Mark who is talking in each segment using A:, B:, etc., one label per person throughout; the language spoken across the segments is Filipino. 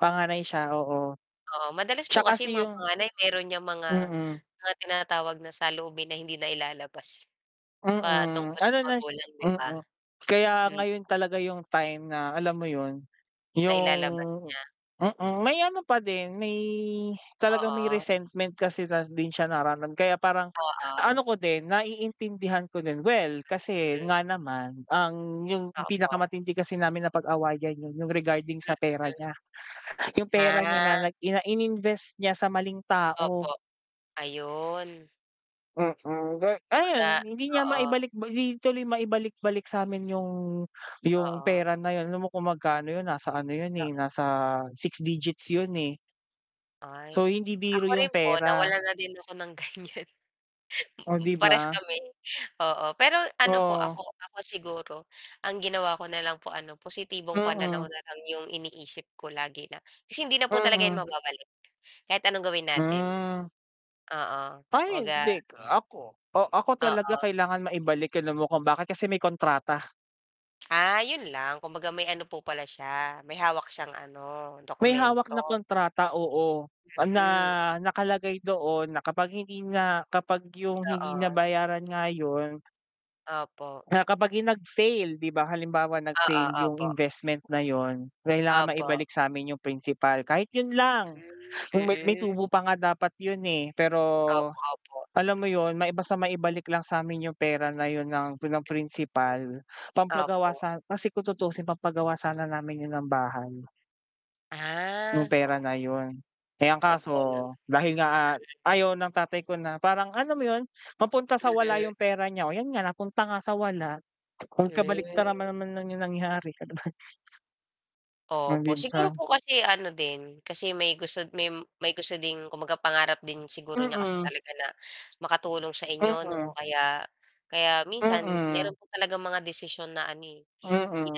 A: Panganay siya oo.
B: Oo, madalas
A: Siya
B: po kasi 'yung
A: kasi
B: mga
A: 'yung
B: panganay meron 'yang mga
A: mm.
B: mga tinatawag na saloobin na hindi nailalabas,
A: Mm.
B: patungkol sa
A: Ano na siya
B: magulang 'di ba?
A: mm. Kaya
B: Hmm.
A: ngayon talaga 'yung time na, alam mo 'yun 'yung
B: Nailalabas niya.
A: mm, may ano pa din, may talagang may
B: Oo.
A: resentment kasi na din siya nararam kaya parang, ang ano
B: Oo.
A: ko din naiintindihan ko din. Well kasi
B: Hmm.
A: nga naman ang 'yung
B: Opo.
A: pinakamatindi kasi namin napag-awayan 'yan 'yung regarding sa pera
B: Mm.
A: niya. 'Yung pera
B: Ah.
A: niya na nag ina ininvest niya sa maling tao.
B: Opo, ayun.
A: Mm, ga ayon
B: Kumbaga
A: hindi niya
B: oo.
A: maibalik bali hindi tuloy maibalik-balik sa'min 'yung 'yung
B: Oo.
A: pera na 'yun. Alam mo kung magkano 'yun, nasa ano 'yun
B: To
A: eh, nasa 6 digits 'yun eh.
B: Ay
A: So, hindi
B: ako
A: biro 'yung
B: rin po
A: pera.
B: nawalan na din ako ng ganiyan,
A: Oh 'di
B: parehas
A: ba?
B: kami oo. Pero ano po
A: Oo.
B: ako ako siguro ang ginawa ko na lang po ano positibong pananaw
A: Mhm.
B: na lang 'yong iniisip ko lagi na kasi hindi na po talaga 'yan
A: Mhm.
B: mababalik, kahit anong gawin natin.
A: Hmm.
B: Oo,
A: Ay
B: kumbaga
A: hindi ako. Oh ako talaga
B: Oo.
A: kailangan maibalik, alam mo kung bakit kasi may kontrata.
B: Ah 'yon lang kumbaga may ano po pala siya, may hawak siyang ano,
A: May hawak
B: dokumento.
A: na kontrata, oo. Na
B: Mm.
A: nakalagay doon na kapag hindi na kapag 'yung hindi
B: Oo.
A: nabayaran nga 'yun
B: Opo.
A: na kapag 'yung nag-fail, 'di ba, halimbawa
B: Oo,
A: nag-fail 'yung
B: opo.
A: investment na 'yun, kailangan
B: Opo.
A: maibalik sa'min 'yung principal. Kahit 'yun
B: Hmm,
A: lang, kung may may
B: mm.
A: tubo pa nga dapat 'yun, eh, pero
B: Opo, opo.
A: alam mo 'yun, may basta maibalik lang sa'min 'yung pera na 'yun ng
B: Mm,
A: pinam-principal, pampagawa
B: opo.
A: sa kasi kung tutusin pampagawa sana namin 'yun ng bahay 'yung
B: Ah.
A: pera na 'yun. Eh ang kaso,
B: Totoo naman.
A: dahil nga
B: Mm.
A: ayaw ng tatay ko na parang, alam mo 'yun, mapunta sa wala 'yung
B: Mm.
A: pera niya, oh 'yan nga napunta nga sa wala, kung
B: Hmm.
A: kabaliktaran man naman 'yung nangyari. [unintelligible]
B: Opo, siguro
A: Mangibsa.
B: po kasi ano din, kasi may gusto may may gusto din kumbaga pangarap din siguro niya kasi
A: Mm.
B: talaga na makatulong sa inyo,
A: Mhm.
B: 'no, kaya kaya minsan
A: Mm.
B: meron po talagang mga desisyon na ano hindi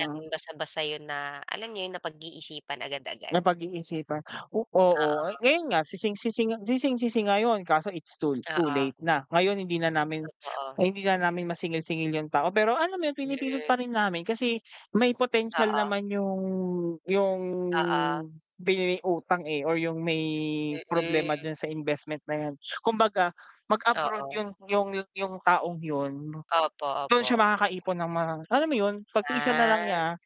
B: natin basta-basta 'yon na, alam niyo 'yon, napag-iisipan agad-agad.
A: Napag-iisipan oo,
B: Oo.
A: ngayon nga sising-sisi nga sising-sisi ngayon, kaso it's too too late
B: Oo.
A: na. Ngayon hindi na namin
B: Totoo.
A: hindi na namin masingil-singil 'yung tao, pero alam mo 'yun pinipilit
B: Mm.
A: pa rin namin kasi may potensyal
B: Oo.
A: naman 'yung 'yung
B: Oo.
A: binigay utang, eh, or 'yung may problema
B: Mm.
A: dun sa investment na 'yan. Kumbaga mag-abroad
B: Oo.
A: 'yun 'yung 'yung taong 'yun,
B: Opo,
A: dun siya
B: opo.
A: makakaipon ng mga alam mo 'yun, pagtiisan na lang
B: Ah.
A: niya.